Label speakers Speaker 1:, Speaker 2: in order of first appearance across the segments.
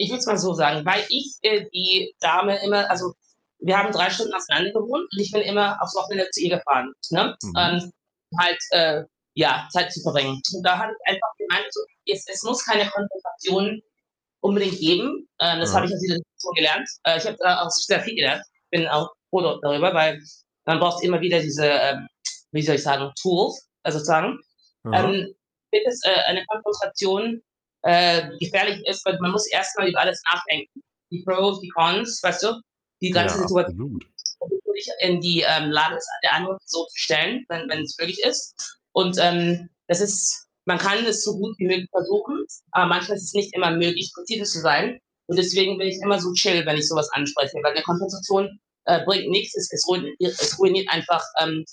Speaker 1: Ich würde es mal so sagen, weil ich, äh, die Dame immer also, wir haben 3 Stunden auseinander gewohnt, und ich bin immer aufs Wochenende zu ihr gefahren, ne,
Speaker 2: Mhm.
Speaker 1: und halt, äh, ja Zeit zu verbringen und da habe ich einfach gemeint so, jetzt es muss keine Konfrontation unbedingt geben. Ähm, das habe ich
Speaker 2: Mhm.
Speaker 1: aus dieser Situation gelernt, äh, ich habe daraus sehr viel gelernt. Bin auch froh da darüber, weil man braucht immer wieder diese, ähm, wie soll ich sagen, Tools, äh, sozusagen.
Speaker 2: Mhm.
Speaker 1: Ähm, wird es, äh, eine Konfrontation, äh, gefährlich ist, weil man muss erst mal über alles nachdenken. Die Pros, die Cons, weißt du? Die
Speaker 2: Ja,
Speaker 1: ganze Situat
Speaker 2: absolut.
Speaker 1: [unintelligible] dich in die, ähm, Lage des der anderen Person zu stellen, wenn wenn's möglich ist. Und, ähm, das ist man kann es so gut wie möglich versuchen, aber manchmal ist es nicht immer möglich, präzise zu sein und deswegen bin ich immer so chill, wenn ich so was anspreche, weil 'ne Konfrontation, äh, bringt nichts. Es es ruin es ruiniert einfach, ähm,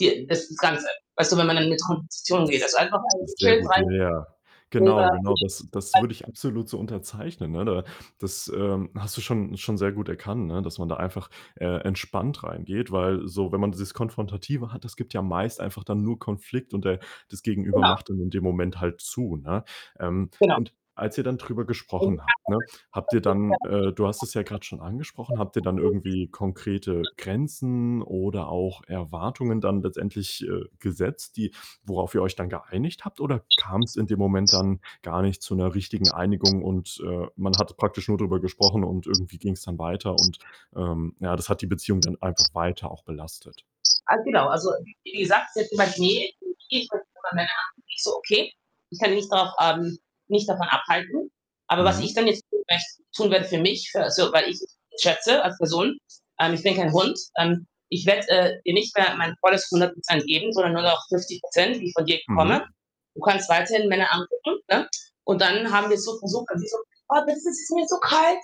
Speaker 1: die das das Ganze, weißt du, wenn man dann in 'ne Konfrontation geht. Also, einfach [unintelligible]
Speaker 2: Sehr
Speaker 1: gechillt
Speaker 2: gut, ja,
Speaker 1: rein
Speaker 2: ja. Genau, genau. Das das
Speaker 1: [unintelligible]
Speaker 2: würde ich absolut so unterzeichnen, ne? Da das, ähm, hast du schon schon sehr gut erkannt, ne, dass man da einfach, äh, entspannt reingeht. Weil so, wenn man dieses Konfrontative hat, das gibt ja meist einfach dann nur Konflikt und der das Gegenüber
Speaker 1: Genau.
Speaker 2: macht dann in dem Moment halt zu, ne? Ähm,
Speaker 1: Genau.
Speaker 2: und als ihr dann drüber gesprochen habt, ne, habt ihr dann äh, du hast es ja grad schon angesprochen, habt ihr dann irgendwie konkrete
Speaker 1: [unintelligible]
Speaker 2: Grenzen oder auch Erwartungen dann letztendlich, äh, gesetzt, die worauf ihr euch dann geeinigt habt oder kam's in dem Moment dann gar nicht zu 'ner richtigen Einigung und, äh, man hat praktisch nur drüber gesprochen und irgendwie ging's dann weiter und, ähm, ja, das hat die Beziehung dann einfach weiter auch belastet?
Speaker 1: A genau. Also, w wie wie gesagt, sie hat gemeint: „Ne.“ [unintelligible] Ich so: „Okay. Ich kann dich nicht darauf äh, nicht davon abhalten.“ Aber was
Speaker 2: Mhm.
Speaker 1: ich dann jetzt tun möch tun werde für mich, für also, weil ich [unintelligible] schätze als Person, ähm, „ich bin kein Hund, ähm, ich werde, äh, dir nicht mehr mein volles 100 % geben, sondern nur noch 50 %, die ich von dir bekomme.
Speaker 2: Mhm.
Speaker 1: Du kannst weiterhin Männer angucken, ne?“ Und dann haben wir so versucht also, sie so: „Oh, das ist mir zu kalt.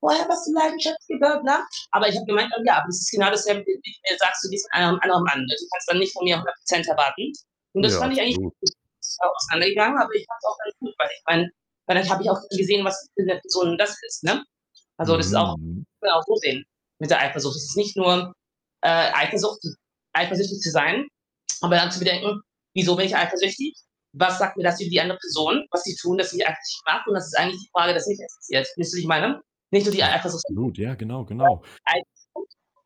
Speaker 1: Woher hast du?“ [unintelligible] Aber ich habe gemeint, ähm: „Ja, aber das ist genau dasselbe, wenn du mir sagst, du gehst mit einem anderen Mann. Also, du kannst dann nicht von mir 100 % erwarten.“ Und das
Speaker 2: Ja,
Speaker 1: fand ich eigentlich
Speaker 2: absolut.
Speaker 1: [unintelligible] ist dann auch auseinandergegangen, aber ich fand's auch ganz gut, weil ich meine, damit habe ich auch gesehen, was für 'ne Person das ist, ne? Also, das ist auch
Speaker 2: Mhm.
Speaker 1: kann man auch so sehen mit der Eifersucht. Es ist nicht nur, äh, Eifersucht, [unintelligible] eifersüchtig zu sein, aber dann zu bedenken: „Wieso bin ich eifersüchtig? Was sagt mir das über die andere Person, was sie tun, dass sie als Strafe“ Und das ist eigentlich die Frage, das mich interessiert. Weißt du was ich meine? Nicht nur die
Speaker 2: Ja,
Speaker 1: Eifersucht.
Speaker 2: absolut, ja, genau, genau.
Speaker 1: [unintelligible]